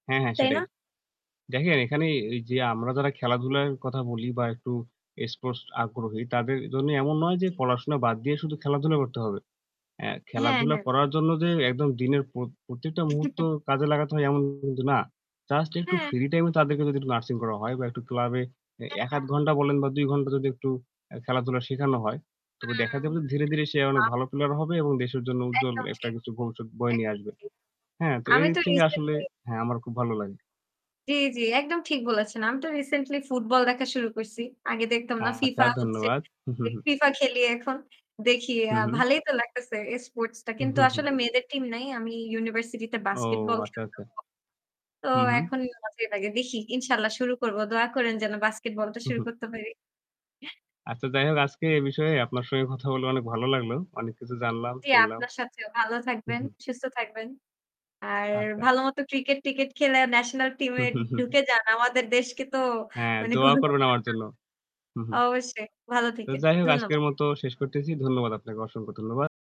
হ্যাঁ, হ্যাঁ, তাই না? সেটাই দেখেন এখানে এই যে আমরা যারা খেলাধুলার কথা বলি বা একটু স্পোর্টস আগ্রহী তাদের জন্য এমন নয় যে জি, জি। পড়াশোনা বাদ দিয়ে শুধু খেলাধুলা করতে হবে। অ্যা হ্যাঁ, খেলাধুলা হ্যাঁ। করার জন্য যে একদম দিনের প্রত প্রত্যেকটা মুহূর্ত কাজে লাগাতে হয় এমন কিন্তু না। জাস্ট একটু হ্যাঁ। ফ্রি টাইম এ তাদেরকে যদি নার্সিং করা হয় বা একটু ক্লাবে ১ ১/২ [unintelligible] ঘন্টা বলেন বা ২ ঘন্টা যদি একটু আ খেলাধুলা শেখানো হয়, তবে দেখা যাবে আম ধীরে, ধীরে, সে অনেক [unintelligible] ভালো প্লেয়ার হবে এবং দেশের জন্য উজ্জ্বল একদম একটা ঠিক। কিছু ভবিষ্যৎ বয়ে এক নিয়ে আসবে। ঠিক। হ্যাঁ? তো আমি এইদিক তো থেকে আসলে রিসেন্টলি হ্যাঁ আমার খুব ভালো লাগে। জ্বী জ্বী, একদম ঠিক বলেছেন। আমি তো রিসেন্টলি ফুটবল দেখা শুরু করছি। আগে দেখতাম না আচ্ছা। ফিফা হচ্ছে। ধন্যবাদ। ফিফা খেলি এখন দেখি হু, আ হু। ভালই তো লাগতেছে এই স্পোর্টস টা। হুম, কিন্তু হুম, হুম। আসলে মেয়েদের টিম নাই। আমি ইউনিভার্সিটি তে ও বাস্কেটবল খেলতাম আচ্ছা, আচ্ছা। [unintelligible] তো হু, হু। এখন মজাই লাগে দেখি। ইনশাআল্লাহ শুরু করব। দোয়া করেন যেন বাস্কেটবলটা হুম, শুরু হুম। করতে পারি। আচ্ছা যাই হোক আজকে এ বিষয়ে আপনার সঙ্গে কথা বলে অনেক ভালো লাগলো। অনেক কিছু জানলাম, জ্বী শুনলাম আপনার সাথেও ভালো হুম, থাকবেন, হুম। সুস্থ থাকবেন। আর আচ্ছা। ভাল মত ক্রিকেট টিকেট খেলে ন্যাশনাল টিম হু, এ হু, হু, হু। ঢুকে যান। আমাদের দেশকে তো হ্যাঁ, মানে দোয়া করবেন আমার জন্য। [unintelligible] হু, হু। অবশ্যই ভালো তো থাকেন। যাই হোক ধন্যবাদ। আজকের মত শেষ করতেছি। ধন্যবাদ আপনাকে। অসংখ্য ধন্যবাদ।